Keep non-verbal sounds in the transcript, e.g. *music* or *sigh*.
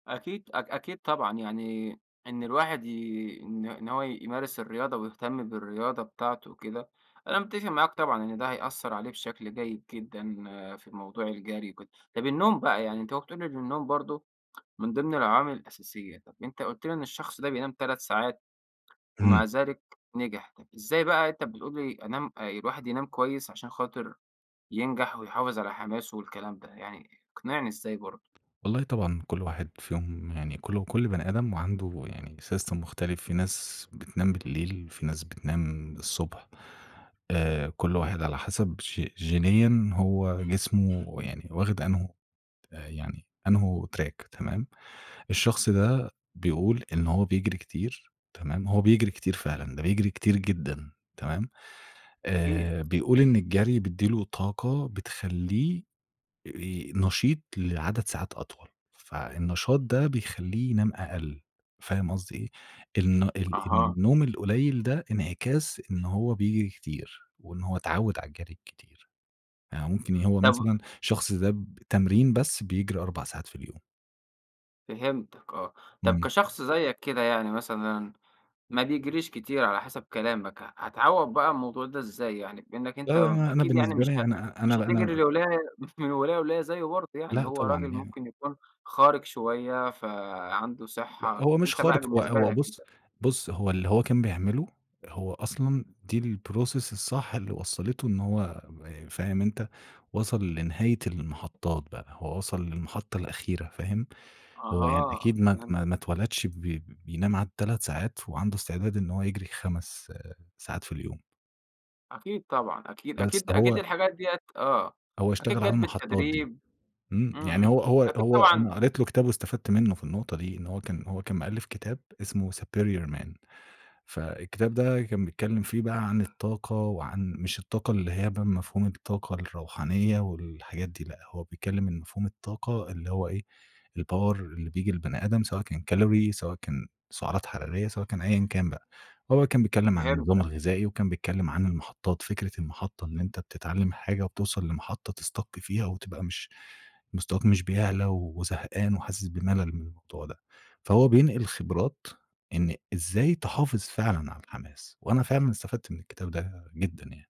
أكيد أك أكيد طبعًا يعني إن الواحد ي إن إن هو يمارس الرياضة ويهتم بالرياضة بتاعته وكده. أنا متّفق معاك طبعًا إن ده هيأثّر عليه بشكل جيد جدًا في الموضوع الجري وكده. طب النوم بقى يعني أنت أهو بتقول إن النوم برضو، من ضمن العوامل الأساسية؟ طيّب أنت قُلت لي إن الشخص ده بينام 3 ساعات إمم. ومع ذلك نجح. طب إزاي بقى أنت بتقول لي أنام آآ الواحد ينام كويّس عشان خاطر ينجح ويحافظ على حماسه والكلام ده، يعني اقنعني إزاي برضو؟ والله طبعًا كل واحد فيهم يعني كل كل بني آدم وعنده يعني system مختلف. في ناس بتنام بالليل في ناس بتنام الصبح. آآ كل واحد على حسب ج جينيًا هو جسمه يعني واخِد أنْهو آآ يعني أنْه تراك تمام، الشخص ده بيقول إن هو بيجري كتير تمام، هو بيجري كتير فعلًا ده بيجري كتير جدًا تمام؟ أكيد،. آآ بيقول إن الجري بيدّي له طاقة بتخلّيه آآ نشيط لعدد ساعات أطول. فالنشاط ده بيخلّيه ينام أقل، فاهم قصدي إيه؟ الن ال أها. النوم القليل ده إنعكاس إن هو بيجري كتير وإن هو اتعوّد على الجري الكتير فممكن، يا هو طب مثلًا شخص ده بتمرين بس بيجري 4 ساعات في اليوم. فهمتك آه. طب إمم. كشخص زيّك كده يعني مثلًا ما بيجريش كتير على حسب كلامك ه هتعوّض بقى الموضوع ده إزاي يعني؟ بإنك لا أنت لأ لأ أنا أكيد يعني بالنسبة مش لي ه أنا مش هتجري أنا *unintelligible* لولاية، *chuckles* من ولاية لولاية زيّه برضو يعني لأ هو طبعًا راجل يعن ممكن يكون خارق شويّة فعنده .ث صحّة، لأ هو مش أنت بقى خارق هو بالنسبة هو لك بُص أنت؟ بُص هو اللي هو كان بيعمله هو أصلًا دي الprocess الصح اللي وصّلته إن هو ب فاهم أنت؟ وصَل لنهاية المحطّات بقى هو وصَل للمحطة الأخيرة فاهم؟ هو يعني أها أكيد ما ات فهمتك. ما اتولدش ب ب بينام عادي 3 ساعات وعنده استعداد إن هو يجري 5 آآ ساعات في اليوم. أكيد طبعًا أكيد بس أكيد هو أكيد الحاجات دِيّة آه هو أكيد اشتغل على جات المحطّات دي. بالتدريب. امم إمم يعني إمم هو هو أكيد هو أنا طبعًا قريت له كتابه واستفدت منّه في النقطة دي إن هو كان هو كان مألّف كتاب إسمه Superior Man فالكتاب ده كان بيتكلّم فيه بقى عن الطاقة وعن مش الطاقة اللي هي بقى مفهوم الطاقة الروحانية والحاجات دي. لأ هو بيتكلّم إن مفهوم الطاقة اللي هو إيه؟ الpower اللي بييجي للبني آدم سواء كان كالوري سواء كان سعرات حرارية سواء كان أيًا كان بقى. هو كان بيتكلّم عن النظام فهمتك. الغذائي وكان بيتكلّم عن المحطّات. فكرة المحطّة اللي أنت بتتعلّم حاجة وبتوصل لمحطة تسstuck فيها وتبقى مش مستواك مش بيعلى وزهقان وحاسس بملل من الموضوع ده. فهو بينقل خبرات، إن إزاي تحافظ فعلًا على الحماس؟ وأنا فعلًا استفدت من الكتاب ده جدًا يعني.